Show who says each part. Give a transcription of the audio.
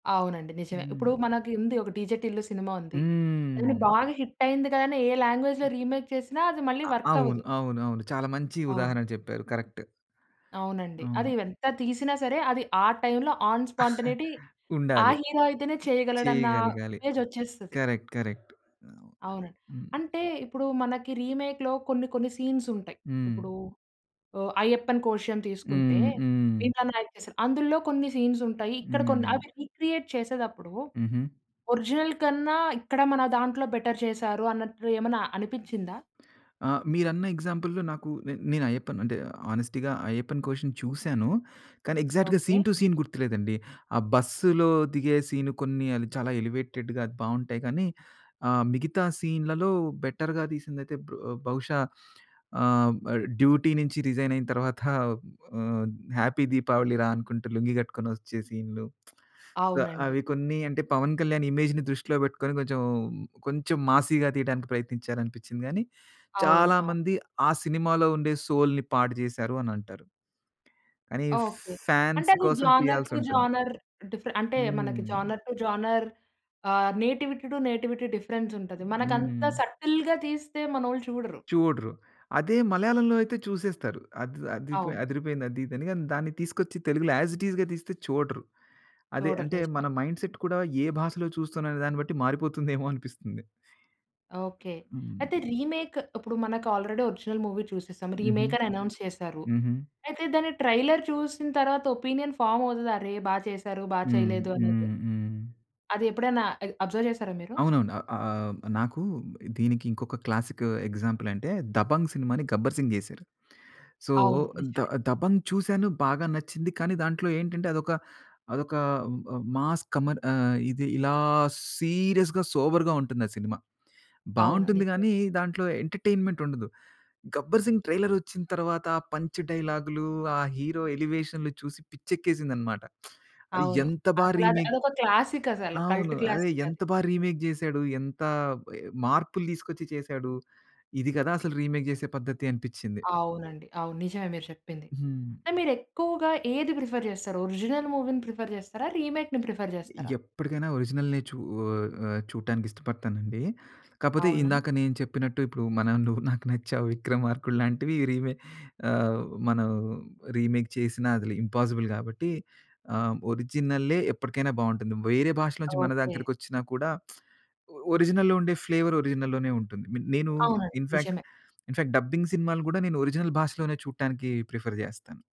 Speaker 1: అవునండి. నిజమే
Speaker 2: హ్మ్.
Speaker 1: ఇప్పుడు మనకు ఉంది ఒక 'డీజే టిల్లు' సినిమా ఉంది. అది
Speaker 2: హ్మ్.
Speaker 1: బాగా హిటైంది కాని ఏ లాంగ్వేజ్‌ల్‌లో రీమేక్ చేసినా అది మళ్ళీ
Speaker 2: అ అవును.
Speaker 1: వర్కవ్వదు.
Speaker 2: అవును. అవును. చాలా మంచి
Speaker 1: అవును.
Speaker 2: ఉదాహరణ చెప్పారు కరెక్ట్.
Speaker 1: అవునండి. అది
Speaker 2: అవును.
Speaker 1: ఎంత తీసినా సరే అది ఆ టైమ్‌లో ఆన్ స్పాంటనీటీ ఆ
Speaker 2: ఉండాలి.
Speaker 1: హీరో అయితేనే చేయగలడన్న
Speaker 2: చేయగలగాలి.
Speaker 1: ఇమేజోచ్చేస్తది.
Speaker 2: కరెక్ట్. కరెక్ట్.
Speaker 1: అవునండి.
Speaker 2: హ్మ్.
Speaker 1: అంటే ఇప్పుడు మనకి రీమేక్‌లో కొన్ని కొన్ని సీన్సుంటాయి, ఇప్పుడు
Speaker 2: హ్మ్.
Speaker 1: ఆహ్, 'అయ్యప్పన్ కోషియుమ్' తీసుకుంటే
Speaker 2: హ్మ్. హ్మ్.
Speaker 1: 'భీమ్లా నాయక్ చేసారు.' అందులో కొన్ని సీన్సుంటాయి ఇక్కడ కొన్ని
Speaker 2: హ్మ్.
Speaker 1: అవి రీక్రియేట్ చేసేటప్పుడు
Speaker 2: హుహు.
Speaker 1: ఒరిజినల్ కన్నా ఇక్కడ మన దాంట్లో బెటర్ చేసారు అన్నట్లు ఏమైనా అనిపిచిందా?
Speaker 2: ఆ మీరన్న ఎగ్జాంపుల్‌లో నాకు నే నేను అయ్యప్పన్ అంటే హానెస్టీగా 'అయ్యప్పన్ కోషియుమ్' చూసాను. కానీ, ఎగ్జాక్ట్‌గా
Speaker 1: ఓకే.
Speaker 2: సీన్ టు సీన్ గుర్తులేదండి. ఆ బస్సులో దిగే సీన్ కొన్ని చాలా ఎలివేటెడ్‌గా అది బావుంటాయి కానీ ఆహ్, మిగతా సీన్‌లలో బెటర్‌గా తీసిందయితే బ బహుశా ఆహ్, ఆ డ్యూటీ నుంచి రిజైనైన తరువాత ఆహ్, "హ్యాపీ దీపావళి రా" అనుకుంటూ లుంగి కట్టుకొనోచ్చే సీన్లు. సో,
Speaker 1: అవునండి.
Speaker 2: అవి కొన్ని అంటే 'పవన్ కళ్యాణ్' ఇమేజ్‌ని దృష్టిలో పెట్టుకొని కొంచెం కొంచెం మాసీగా తీయటనికి ప్రయత్నించారానిపించింది కానీ,
Speaker 1: అవును.
Speaker 2: చాలా
Speaker 1: అవును.
Speaker 2: మంది ఆ సినిమాలో ఉండే సౌల్‌ని పాడు జేసారు అని అంటారు. కానీ
Speaker 1: ఓకే. అంటే
Speaker 2: ఫాన్స్
Speaker 1: అది
Speaker 2: కోసం
Speaker 1: జోనర్ టు
Speaker 2: తీయాల్సుంటుంది.
Speaker 1: జోనర్ డిఫర్ అంటే మనకి
Speaker 2: హ్మ్.
Speaker 1: జోనర్ టు జోనర్ ఆహ్, నేటివిటీ టు నేటివిటీ డిఫరెన్స్ ఉంటది. మనకంత
Speaker 2: హ్మ్.
Speaker 1: సటిల్‌గా తీస్తే మనోళ్ళు చూడరు.
Speaker 2: చూడరు. అదే 'మలయాళంలో' అయితే చూసేస్తారు. అది అదిరిపె
Speaker 1: అవును.
Speaker 2: అదిరిపోయింది అది ఇది అని. దాన్ని తీసుకొచ్చి తెలుగులో యస్ ఇట్ టీస్‌గా తీస్తే చూడరు. అదే
Speaker 1: చూడరు.
Speaker 2: అంటే
Speaker 1: నిజమే.
Speaker 2: మన మైండ్సెట్ కూడా ఏ భాషలో చూస్తున్నాం అనే దాన్ని బట్టి మారిపోతుందేమో అనిపిస్తుంది.
Speaker 1: ఓకే. అయితే
Speaker 2: హ్మ్.
Speaker 1: రీమేక్ ఇప్పుడు మనకు ఆల్రెడీ ఒరిజినల్ మూవీ చూసేసాం
Speaker 2: హుహు.
Speaker 1: రీమేకని అనౌన్స్ చేసారు.
Speaker 2: హుహు.
Speaker 1: అయితే దాన్ని ట్రైలర్ చూసిన తరువాత ఒపీనియన్ ఫామోవుతది. "అరె! బా చేసారు, బా
Speaker 2: హ్మ్.
Speaker 1: చేయలేదు అనేది"
Speaker 2: హ్మ్. హ్మ్.
Speaker 1: అది ఎప్పుడైనా అద్ అబ్జర్వ్ చేసారా మీరు?
Speaker 2: అవునవును అ ఆహ్, నాకు దీనికి ఇంకొక క్లాసికు ఎగ్జాంపులంటే 'దబంగ్' సినిమా‌ని 'గబ్బర్ సింగ్' జేసారు. సో,
Speaker 1: అవును.
Speaker 2: 'ద
Speaker 1: నిజమే.
Speaker 2: దబంగ్' చూసాను బాగా నచ్చింది కానీ దాంట్లో ఏంటంటే అదొక అదొక మ మాస్ కమర్ ఆహ్, ఇది ఇలా సీరియస్‌గా సోబర్‌గుంటుంది ఆ సినిమా,
Speaker 1: అవును.
Speaker 2: బావుంటుంది
Speaker 1: నిజమే.
Speaker 2: గానీ దాంట్లో ఎంటర్టైన్మెంటుండదు. 'గబ్బర్ సింగ్' ట్రైలరోచ్చిన తరువాత పంచ్ డైలాగ్‌లు, ఆ హీరో ఎలివేషన్ చూసి పిచ్చి ఎక్కేసిందన్నమాట. ఆ
Speaker 1: అవును.
Speaker 2: ఎంత బా
Speaker 1: అసలు అది
Speaker 2: రీమేక్
Speaker 1: అదొక క్లాసికసలు
Speaker 2: అవును.
Speaker 1: కల్ట్
Speaker 2: అదే ఎంత
Speaker 1: క్లాసికది.
Speaker 2: బాగా రీమేక్ చేసాడు, ఎంత మా మార్పులు తీసుకొచ్చి చేసాడు. ఇది కదా! అసలు రీమేక్ చేసే పద్ధతి అనిపించింది.
Speaker 1: అవునండి. అవును. నిజమే మీరు చెప్పింది.
Speaker 2: హ్మ్.
Speaker 1: అంటే మీరు ఎక్కువగా ఏది ప్రిఫర్ చేస్తారు ఒరిజినల్ మూవీ‌ని ప్రిఫర్ చేస్తారా? రీమేక్‌ని ప్రిఫర్ చేస్తారా?
Speaker 2: ఎప్పటికైనా ఒరిజినల్‌నే చూ ఆహ్, చూడటానికి ఇష్టపడతానండి. కాకపోతే
Speaker 1: అవునా?
Speaker 2: ఇందాక నేను చెప్పినట్టు ఇప్పుడు మనం 'నువ్వు నాకు నచ్చావు, విక్రమార్కుడు' లాంటివి రీమే ఆహ్, మనం రీమేక్ చేసిన అది ఇంపాసిబుల్ కాబట్టి ఆహ్, ఒరిజినలే ఎప్పటికైనా బావుంటుంది. వేరే భాషలో నుంచి మన
Speaker 1: ఓకే.
Speaker 2: దగ్గరికొచ్చినా కూడా ఒ ఒరిజినల్‌లో ఉండే ఫ్లేవర్ ఒరిజినల్‌లోనే ఉంటుంది. మీ నేను
Speaker 1: అవునండి
Speaker 2: ఇన్‌ఫాక్ట్
Speaker 1: నిజమే.
Speaker 2: ఇన్‌ఫాక్ట్ డబ్బింగ్ సినిమాలు కూడా నేను ఒరిజినల్ భాషలోనే చూడటానికి ప్రిఫర్ జెస్తాను.